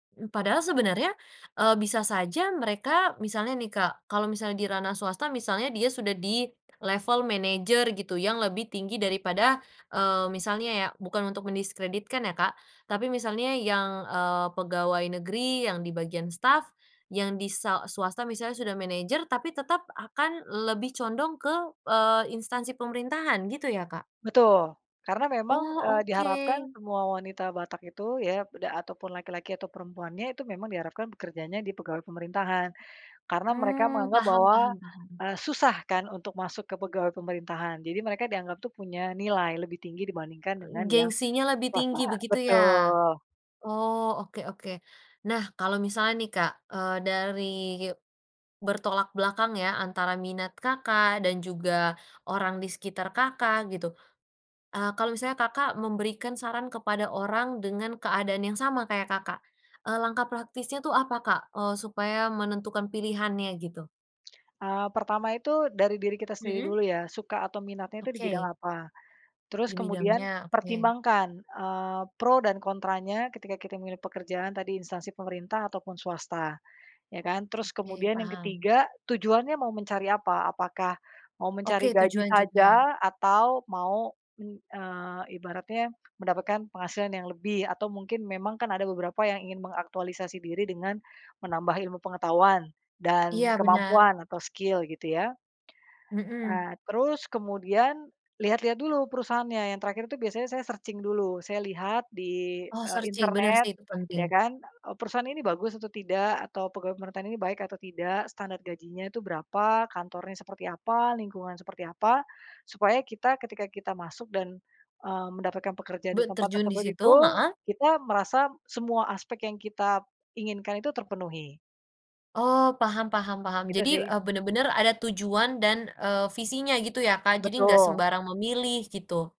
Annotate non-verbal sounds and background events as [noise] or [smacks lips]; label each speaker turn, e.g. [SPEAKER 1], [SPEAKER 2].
[SPEAKER 1] Mmm, padahal sebenernya, eee, bisa saja mereka misalnya nih Kak, kalo misalnya di ranah swasta misalnya dia sudah di [smacks lips] level manajer gitu yang lebih tinggi daripada, eee, misalnya ya bukan untuk mendiskreditkan ya Kak, tapi misalnya yang, eee, pegawai negeri yang di bagian staf, yang di sa swasta misalnya sudah manajer tapi tetep akan lebih condong ke, eee, instansi pemerintahan gitu ya Kak?
[SPEAKER 2] Betul, karena memang,
[SPEAKER 1] Oh
[SPEAKER 2] eee, diharapkan
[SPEAKER 1] oke.
[SPEAKER 2] semua wanita Batak itu ya, beda ataupun laki-laki atau perempuannya itu memang diharapkan bekerjanya di pegawai pemerintahan, karena mereka
[SPEAKER 1] Mmm,
[SPEAKER 2] menganggap
[SPEAKER 1] paham
[SPEAKER 2] bahwa,
[SPEAKER 1] paham paham.
[SPEAKER 2] eee, susah kan untuk masuk ke pegawai pemerintahan jadi mereka dianggap tuh punya nilai lebih tinggi dibandingkan dengan yang,
[SPEAKER 1] Gengsinya lebih
[SPEAKER 2] swasta,
[SPEAKER 1] tinggi begitu ya?
[SPEAKER 2] betul.
[SPEAKER 1] Oh oke oke, nah kalau misalnya nih Kak, eee, dari, bertolak belakang ya antara minat Kakak, dan juga orang di sekitar Kakak, gitu, ah, kalau misalnya Kakak, memberikan saran kepada orang dengan keadaan yang sama kayak Kakak, eee, langkah praktisnya tuh apa Kak, eee, supaya menentukan pilihannya gitu?
[SPEAKER 2] [smacks lips] Eee, pertama itu dari diri kita sendiri
[SPEAKER 1] Mhm.
[SPEAKER 2] dulu ya, suka atau minatnya itu di bidang
[SPEAKER 1] Oke.
[SPEAKER 2] apa, terus kemudian
[SPEAKER 1] Dibidangnya oke.
[SPEAKER 2] pertimbangkan, eee, pro dan kontranya ketika kita memilih pekerjaan tadi instansi pemerintah ataupun swasta, ya kan. Terus
[SPEAKER 1] Oke
[SPEAKER 2] kemudian yang ke
[SPEAKER 1] paham.
[SPEAKER 2] tiga tujuannya mau mencari apa apakah, mau mencari
[SPEAKER 1] Oke
[SPEAKER 2] gaji
[SPEAKER 1] tujuan juga.
[SPEAKER 2] saja atau mau, me eee, ibaratnya mendapatkan penghasilan yang lebih atau mungkin memang kan ada beberapa yang ingin mengaktualisasi diri dengan, menambah ilmu pengetahuan, dan
[SPEAKER 1] Iya benar
[SPEAKER 2] kemampuan atau skill gitu ya.
[SPEAKER 1] Mhm.
[SPEAKER 2] Eee, terus kemudian lihat-lihat dulu perusahaannya yang terakhir itu biasanya saya searching dulu saya lihat di,
[SPEAKER 1] Oh
[SPEAKER 2] eee,
[SPEAKER 1] searching bener sih,
[SPEAKER 2] internet
[SPEAKER 1] itu
[SPEAKER 2] ya
[SPEAKER 1] penting.
[SPEAKER 2] kan perusahaan ini bagus atau tidak atau pegawai pemerintahan ini baik atau tidak standar gajinya itu berapa kantornya seperti apa, lingkungan seperti apa, supaya kita ketika kita masuk dan, eee, mendapatkan pekerjaan di
[SPEAKER 1] Buat
[SPEAKER 2] tempat
[SPEAKER 1] terjun
[SPEAKER 2] tersebut
[SPEAKER 1] disitu,
[SPEAKER 2] itu
[SPEAKER 1] maah
[SPEAKER 2] kita merasa semua aspek yang kita, inginkan itu terpenuhi.
[SPEAKER 1] Oh paham paham paham
[SPEAKER 2] Gitu
[SPEAKER 1] jadi,
[SPEAKER 2] sih.
[SPEAKER 1] eee, bener bener ada tujuan dan, eee, visinya gitu ya Kak, jadi enggak
[SPEAKER 2] Betul.
[SPEAKER 1] sembarang memilih gitu.